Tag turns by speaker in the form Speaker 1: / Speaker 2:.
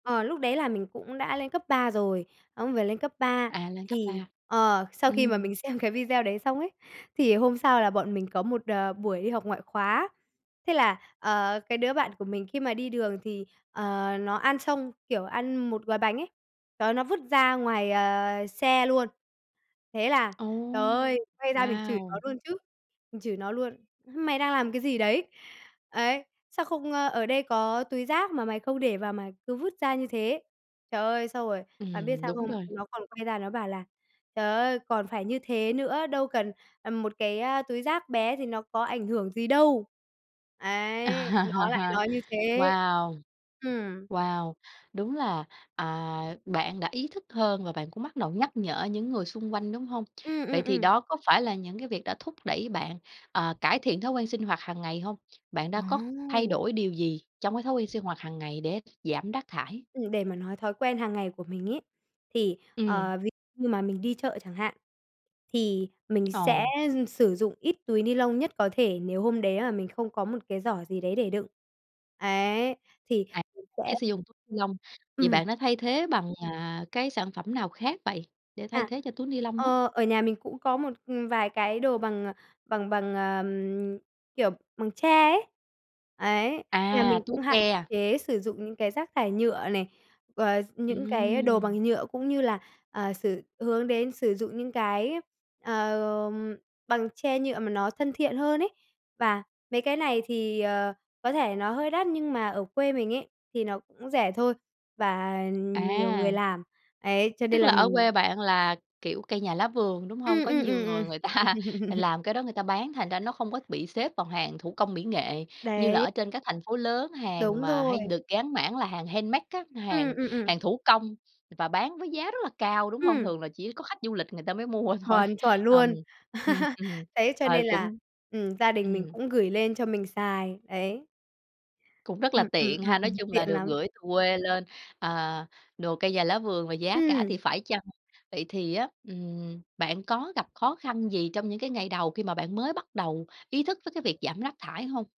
Speaker 1: Ờ, lúc đấy là mình cũng đã lên cấp 3 rồi, ông về lên cấp 3
Speaker 2: À, lên cấp
Speaker 1: thì
Speaker 2: 3.
Speaker 1: ờ, sau khi mà
Speaker 2: Ừm.
Speaker 1: mình xem cái video đấy xong ấy, thì hôm sau là bọn mình có một, đở, buổi đi học ngoại khóa. Thế là, ờ, cái đứa bạn của mình khi mà đi đường thì, ờ, nó ăn xong, kiểu, ăn một gói bánh ấy, đó, nó vứt ra ngoài, ờ, xe luôn. Thế là trời
Speaker 2: Ồ!
Speaker 1: ơi, quay ra mình chửi nó
Speaker 2: Wow!
Speaker 1: luôn chứ, mình chửi nó luôn: "Mày đang làm cái gì đấy? Ấy, sao không, ơ ở đây có túi rác mà mày không để vào mà cứ vứt ra như thế?" Trời ơi, xong rồi, bạn biết
Speaker 2: Ừm,
Speaker 1: sao
Speaker 2: đúng
Speaker 1: không,
Speaker 2: rồi.
Speaker 1: nó còn quay ra nó bảo là "Trời ơi, còn phải như thế nữa, đâu cần, ừm, một cái, a, túi rác bé thì nó có ảnh hưởng gì đâu." Ấy, nó lại nói như thế.
Speaker 2: Wow!
Speaker 1: Ừm.
Speaker 2: Wow! Đúng là, à, bạn đã ý thức hơn và bạn cũng bắt đầu nhắc nhở những người xung quanh, đúng hông?
Speaker 1: Ừm,
Speaker 2: Vậy
Speaker 1: ừm,
Speaker 2: thì
Speaker 1: ừm.
Speaker 2: đó có phải là những cái việc đã thúc đẩy bạn, ờ, cải thiện thói quen sinh hoạt hàng ngày hông? Bạn đã có thay
Speaker 1: Ồ!
Speaker 2: đổi điều gì trong cái thói quen sinh hoạt hàng ngày để giảm rác thải?
Speaker 1: Ừm, để mà nói thói quen hàng ngày của mình ấy, thì,
Speaker 2: Ừm.
Speaker 1: ờ, ví như mà mình đi chợ chẳng hạn, thì mình sẽ
Speaker 2: Ờ.
Speaker 1: dư sử dụng ít túi ni lông nhất có thể nếu hôm đấy là mình không có một cái giỏ gì đấy để đựng. Ấy, thì
Speaker 2: À,
Speaker 1: mình sẽ
Speaker 2: chế sử dụng [unintelligible] lông. Vậy
Speaker 1: Ừm.
Speaker 2: bạn đã thay thế bằng, à, cái sản phẩm nào khác vậy để thay
Speaker 1: À,
Speaker 2: thế cho túi ni lông á?
Speaker 1: ờ, ở nhà mình cũng có một, ừm, vài cái đồ bằng, à, bằng bằng, ờ, kiểu, bằng tre ấy. Ấy, nhà
Speaker 2: À,
Speaker 1: mình
Speaker 2: túi
Speaker 1: cũng hạn
Speaker 2: tre.
Speaker 1: chế sử dụng những cái rác thải nhựa này, ờ, những cái đồ
Speaker 2: Ừm.
Speaker 1: bằng nhựa cũng như là, ờ, sử hướng đến sử dụng những cái, ờ, bằng tre, nhựa mà nó thân thiện hơn ấy. Và mấy cái này thì, ờ, có thể nó hơi đắt nhưng mà ở quê mình ấy thì nó cũng rẻ thôi, và nhiều người
Speaker 2: À!
Speaker 1: làm, ấy, cho
Speaker 2: Tức
Speaker 1: nên là
Speaker 2: là ở
Speaker 1: mình
Speaker 2: quê bạn là, kiểu, cây nhà lá vườn, đúng hông?
Speaker 1: Ừm,
Speaker 2: Có
Speaker 1: ừm, ừm,
Speaker 2: nhiều người người
Speaker 1: ừm.
Speaker 2: ta làm cái đó người ta bán, thành ra nó không có bị xếp vào hàng thủ công mỹ nghệ như là
Speaker 1: Đấy.
Speaker 2: ở trên các thành phố lớn, hàng
Speaker 1: Đúng
Speaker 2: mà
Speaker 1: rồi.
Speaker 2: hay được gán mảng là hàng handmade á,
Speaker 1: Ừm,
Speaker 2: hàng
Speaker 1: ừm, ừm.
Speaker 2: hàng thủ công và bán với giá rất là cao, đúng hông?
Speaker 1: Ừm.
Speaker 2: Thường là chỉ có khách du lịch người ta mới mua thôi,
Speaker 1: Chuẩn, chuẩn
Speaker 2: ùm.
Speaker 1: luôn!
Speaker 2: Ừm, ừm,
Speaker 1: Đấy, cho
Speaker 2: ờ,
Speaker 1: nên là,
Speaker 2: cũng
Speaker 1: ừm, gia đình mình
Speaker 2: ừm.
Speaker 1: cũng gửi lên cho mình xài, đấy.
Speaker 2: Cũng rất là
Speaker 1: Ừm, ừm,
Speaker 2: tiện
Speaker 1: ừm,
Speaker 2: ha! Nói
Speaker 1: ừm,
Speaker 2: chung là
Speaker 1: tiện
Speaker 2: được
Speaker 1: lắm.
Speaker 2: gửi từ quê lên, à, đồ cây nhà lá vườn và giá cả thì
Speaker 1: Ừm.
Speaker 2: phải chăng. Vậy thì á, ừm, bạn có gặp khó khăn gì trong những cái ngày đầu khi mà bạn mới bắt đầu ý thức tới cái việc giảm rác thải hông?